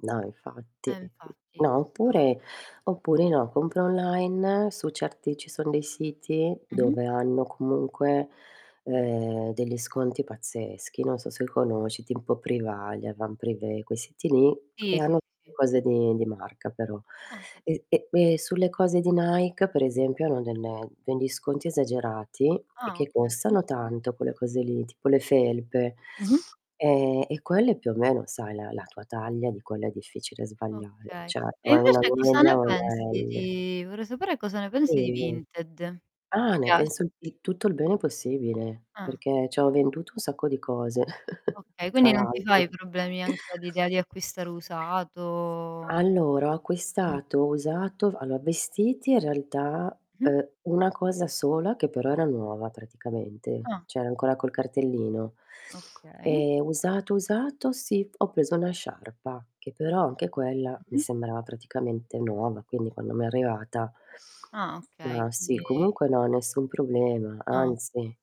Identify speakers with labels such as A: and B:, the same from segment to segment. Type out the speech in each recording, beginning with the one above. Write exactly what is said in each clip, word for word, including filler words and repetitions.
A: No, infatti.
B: Eh infatti,
A: No
B: questo
A: oppure oppure no, compra online su certi ci son dei siti
B: Mh-mh.
A: dove hanno comunque, ehm, degli sconti pazzeschi, non so se conosci, timpo Privalia, [unintelligible] quei siti lì, e
B: Sì, sì, sì.
A: hanno
B: sì.
A: [unintelligible] cose di marca però.
B: Ah.
A: E e e sulle cose di Nike, per esempio, hanno del degli sconti esagerati e
B: Ah,
A: che
B: okay.
A: costano tanto quelle cose lì, tipo le felpe,
B: Mh-mh.
A: ehm, e quelle più o meno sai la la tua taglia di quella è difficile sbagliare,
B: Okay.
A: ceh
B: E
A: o è una
B: invece cosa
A: media
B: ne
A: o una
B: pensi
A: L.
B: di vorrei sapere cosa ne pensi di
A: [unintelligible]
B: Vinted. Ti
A: Ah ne
B: piace?
A: penso di tutto il bene possibile,
B: Ah.
A: perché ci ho venduto un sacco di cose,
B: Okay,
A: tra
B: quindi non ti fai
A: l'altro.
B: problemi anche all'idea di acquistare usato?
A: Allora, ho
B: Mh.
A: acquistato usato, v allora, vestiti in realtà,
B: Mh-mh.
A: ehm, una cosa sola che però era nuova praticamente,
B: Ah.
A: c'era ancora col cartellino.
B: Okay.
A: Ehm, usato usato sì, p ho preso una sciarpa, che però anche quella mi
B: Mh-mh.
A: sembrava praticamente nuova, quindi quando mi è arrivata
B: Ah, okay.
A: ma sì,
B: Quindi
A: comunque no nessun problema,
B: No.
A: anzi,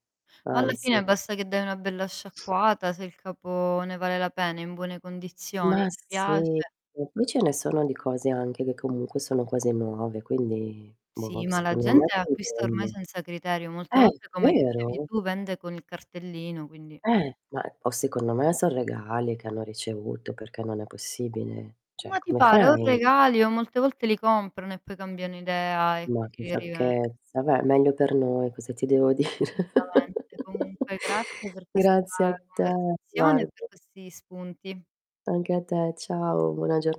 B: Ma alla
A: anzi.
B: fine basta che dai una bella sciacquata, se il capo ne vale la pena, è in buone condizioni
A: Ma
B: e ti piace
A: sì, [unintelligible] qui ce ne sono di cose, anche che comunque sono quasi nuove, quindi boh,
B: Sì, ma la
A: secondo me
B: gente acquista ormai
A: conviene.
B: senza criterio. Molte
A: Eh,
B: volte, come dicevi
A: vero?
B: tu, vende con il cartellino, quindi
A: Eh, ma o secondo me son regali che hanno ricevuto, perché non è possibile. Cioè
B: Ma ti
A: come
B: pare? O
A: fai?
B: regali, o molte volte li comprano e poi cambiano idea e
A: Ma
B: quindi
A: che
B: li riven
A: sciocchezza. Beh, meglio per noi, cosa ti devo dire?
B: solutamente. Comunque grazie per questa
A: Grazie a te.
B: conversazione e per
A: [unintelligible]
B: questi spunti.
A: Anche a te. Ciao, buona gior